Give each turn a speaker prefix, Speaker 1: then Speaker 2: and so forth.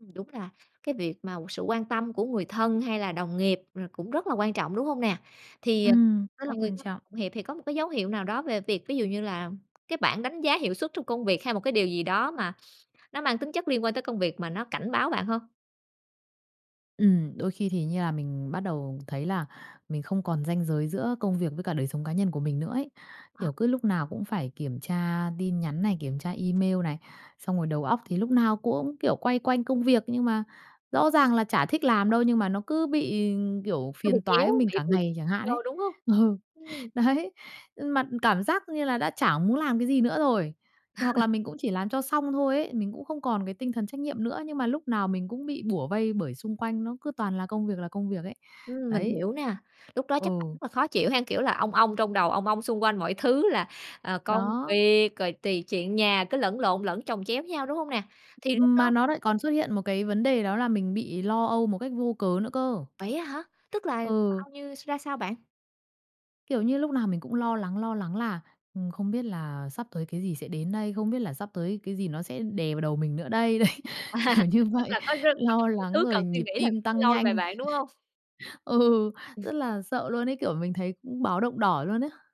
Speaker 1: Ừm, đúng là cái việc mà sự quan tâm của người thân hay là đồng nghiệp, ờ, cũng rất là quan trọng, đúng hông nè? Thì, ờ,
Speaker 2: Ừm, rất là
Speaker 1: mọi người
Speaker 2: quan
Speaker 1: [unintelligible]
Speaker 2: trọng.
Speaker 1: thì có một cái dấu hiệu nào đó về việc, ví dụ như là, cái bảng đánh giá hiệu suất trong công việc hay một cái điều gì đó mà nó mang tính chất liên quan tới công việc mà nó cảnh báo bạn hông?
Speaker 2: Ừm. Đôi khi thì như là mình bắt đầu thấy là mình không còn ranh giới giữa công việc với cả đời sống cá nhân của mình nữa ấy.
Speaker 1: Ờ.
Speaker 2: Kiểu, cứ lúc nào cũng phải kiểm tra tin nhắn này, kiểm tra email này. Xong rồi, đầu óc thì lúc nào cũng, kiểu, quay quanh công việc nhưng mà rõ ràng là chả thích làm đâu, nhưng mà nó cứ bị, kiểu,
Speaker 1: Nó bị
Speaker 2: phiền toái
Speaker 1: kéo
Speaker 2: với mình cả
Speaker 1: [unintelligible]
Speaker 2: ngày chẳng hạn ấy.
Speaker 1: vô, đúng hông?
Speaker 2: Ừ,
Speaker 1: Ừm.
Speaker 2: đấy. Nhưng mà cảm giác như là đã chả muốn làm cái gì nữa rồi, hoặc là mình cũng chỉ làm cho xong thôi ấy, mình cũng không còn cái tinh thần trách nhiệm nữa, nhưng mà lúc nào mình cũng bị bủa vây bởi xung quanh nó cứ toàn là công việc là công việc ấy.
Speaker 1: Ừm. Mình
Speaker 2: Đấy.
Speaker 1: hiểu nè, lúc đó chắc
Speaker 2: Ừ.
Speaker 1: bạn rất là khó chịu ha, kiểu là, ong ong trong đầu, ong ong xung quanh mọi thứ là, à, công
Speaker 2: Đó.
Speaker 1: việc rồi tùy chuyện nhà cứ lẫn lộn lẫn chồng chéo nhau, đúng hông nè? Thì lúc
Speaker 2: Ừm.
Speaker 1: đó
Speaker 2: Mà nó lại còn xuất hiện một cái vấn đề đó là mình bị lo âu một cách vô cớ nữa cơ.
Speaker 1: Vậy á hả? Tức là
Speaker 2: Ừ.
Speaker 1: bao như ra sao bạn?
Speaker 2: Kiểu như, lúc nào mình cũng lo lắng, lo lắng là, ừm, không biết là sắp tới cái gì sẽ đến đây? Không biết là sắp tới cái gì nó sẽ đè vào đầu mình nữa đây? Đấy. Kiểu như
Speaker 1: Tức
Speaker 2: vậy.
Speaker 1: là có [unintelligible] bao
Speaker 2: Lo
Speaker 1: nhiêu
Speaker 2: lắng
Speaker 1: thứ
Speaker 2: rồi
Speaker 1: cần suy
Speaker 2: nhịp
Speaker 1: nghĩ là
Speaker 2: tim
Speaker 1: cứ
Speaker 2: tăng
Speaker 1: lôi về
Speaker 2: nhanh.
Speaker 1: bạn, đúng hông?
Speaker 2: Ừ,
Speaker 1: Ừm.
Speaker 2: rất là sợ luôn ấy, kiểu mình thấy cũng báo động đỏ luôn á.